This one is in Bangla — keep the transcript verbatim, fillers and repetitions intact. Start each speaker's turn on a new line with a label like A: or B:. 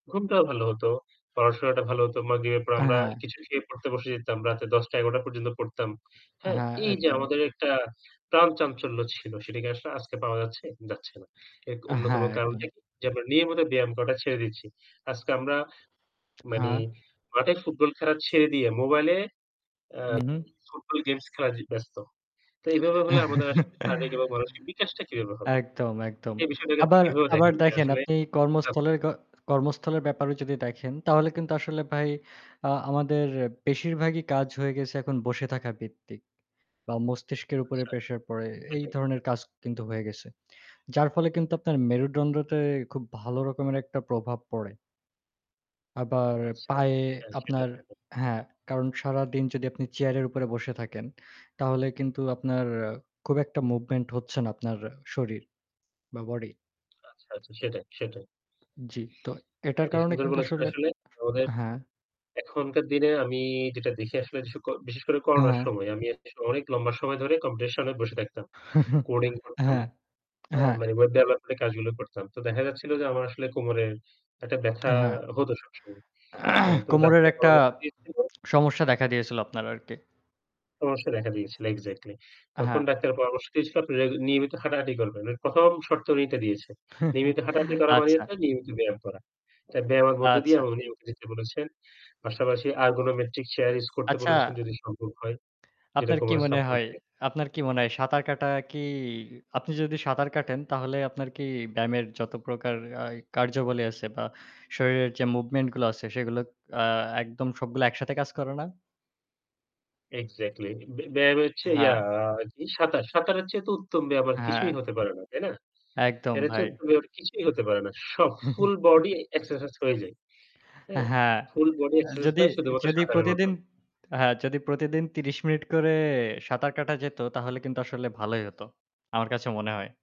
A: ঘুমটাও ভালো হত। পড়াশোনাটা ভালো হত। মাগরিবের পর
B: আ
A: আমরা
B: হ্যাঁ।
A: কিছু খেয়ে পড়তে বসে যেতাম। রাত দশটা, এগারোটা পর্যন্ত পড়তাম। হ্যাঁ?
B: হ্যাঁ,
A: এই যে
B: একদম।
A: আমাদের একটা প্রাণ চাঞ্চল্য ছিল সেটা কি আসলে আজকে পাওয়া যাচ্ছে? যাচ্ছে না। এর ক
B: আ
A: অন্যতম
B: হ্যাঁ একদম।
A: কারণটা কি? যে আমরা নিয়মিত ব্যায়াম করাটা ছেড়ে দিচ্ছি। আজকে আমরা মানে
B: হ্যাঁ।
A: মাঠে ফুটবল খেলা ছেড়ে দিয়ে মোবাইলে
B: হু, হু।
A: আ ফুটবল গেমস খেলা জি ব্যস্ত। তো এভাবে হলে আমাদের আসলে শারীরিক এবং মানসিক বিকাশটা কিভাবে হবে?
B: একদম, একদম।
A: এই বিষয়টাকে আপনি
B: আবার
A: কিভাবেও
B: আবার
A: দেখেন যে
B: দেখেন
A: আসলে
B: আপনি
A: জা
B: কর্মস্থল ক কর্মস্থলের ব্যাপারেও যদি দেখেন তাহলে কিন্তু আসলে ভাই আ আমাদের বেশিরভাগই কাজ হয়ে গেছে এখন বসে থাকা ভিত্তিক। বা মস্তিষ্কের উপরে
A: আচ্ছা
B: প্রেশার পড়ে। এই
A: সেটাই।
B: ধরনের কাজ কিন্তু হয়ে গেছে। যার ফলে কিন্তু আপনার মেরুডন্ডটে খুব ভালো রকমের একটা প্রভাব পড়ে। আবার
A: আচ্ছা,
B: পায়ে
A: হ্যাঁ সেটাই,
B: আপনার,
A: সেটাই।
B: হ্যাঁ, কারণ সারাদিন যদি আপনি চেয়ারের উপরে বসে থাকেন, তাহলে কিন্তু আপনার খুব একটা মুভমেন্ট হচ্ছে না আপনার শরীর বা বডি।
A: আচ্ছা, আচ্ছা সেটাই, সেটাই।
B: জ্বি। তো এটার
A: এটা
B: কারণে
A: সুন্দর
B: কিন্তু
A: বলে ছিল
B: আসলে
A: আসলে। আমাদের
B: হ্যাঁ।
A: এখনকার দিনে আমি যেটা দেখি আসলে যে স ক বিশেষ করে করোনার
B: হ্যাঁ।
A: সময়। আমি [unintelligible] অনেক লম্বা সময় ধরে কম্পিউটার এর সামনে বসে থাকতাম। কোডিং করতাম।
B: হ্যাঁ,
A: হ্যাঁ?
B: হ্যাঁ।
A: মানে ওয়েব ডেভেলপমেন্ট এর কাজগুলো করতাম। তো দেখা যাচ্ছিল যে আমার আসলে কোমরের একটা ব্যাথা
B: হ্যাঁ।
A: হতো সবসময় হ্যাঁ তো
B: কোমরের
A: ডাক্তার
B: একটা
A: পরামর্শ দিয়েছিল
B: সমস্যা দেখা দিয়েছিল আপনার আরকি।
A: সমস্যা দেখা দিয়েছিল এক্সাক্টলি।
B: আ
A: তখন
B: হ্যাঁ।
A: ডাক্তারের পরামর্শ দিয়েছিল আপনি রা নিয়মিত হাঁটাহাঁটি করবেন। এর প্রথম শর্ত উনি এটা দিয়েছেন। নিয়মিত হাঁটাহাঁটি করা মানে
B: আচ্ছা।
A: হচ্ছে নিয়মিত ব্যায়াম করা। এ ব্যায়ামের মধ্যে দিয়ে
B: আচ্ছা।
A: আমাকে নিয়মিত দিতে বলেছেন। পাশাপাশি আর্গনোমেট্রিক চেয়ার ইউস করতে
B: আচ্ছা।
A: বলেছেন যদি সম্ভব হয়। যেটা
B: আপনার কি
A: কোমরে
B: মনে
A: সাপোর্ট
B: হয়?
A: দেয়।
B: আপনার কি মনে হয়? সাঁতার কাটা কি আপনি যদি সাঁতার কাটেন তাহলে আপনার কি ব্যায়ামের যত প্রকার আ কার্যাবলী আছে বা শরীরের যে মুভমেন্ট গুলো আছে সেগুলো আ একদম সবগুলো একসাথে কাজ করে না?
A: এক্সাক্টলি বে ব্যায়াম এচ্ছে ইয়া
B: হ্যাঁ।
A: কি সাঁতার। সাঁতারের চেয়ে তো উত্তম ব্যায়াম আর
B: হ্যাঁ।
A: কিছুই হতে পারে না। তাই না?
B: একদম
A: এর চেয়ে
B: ভাই।
A: উত্তম ব্যায়াম কিছুই হতে পারে না। সব ফুল বডি এক্সারসাইজ হয়ে যায়। হ্যাঁ?
B: হ্যাঁ।
A: ফুল বডি
B: আ
A: এক্সারসাইজ
B: যদি
A: হয় শুধুমাত্র
B: যদি
A: সাঁতারের
B: প্রতিদিন
A: মাধ্যমে।
B: হ্যাঁ যদি প্রতিদিন তিরিশ মিনিট করে সাঁতার কাটা যেত তাহলে কিন্তু আসলে ভালোই হত। আমার কাছে মনে হয়।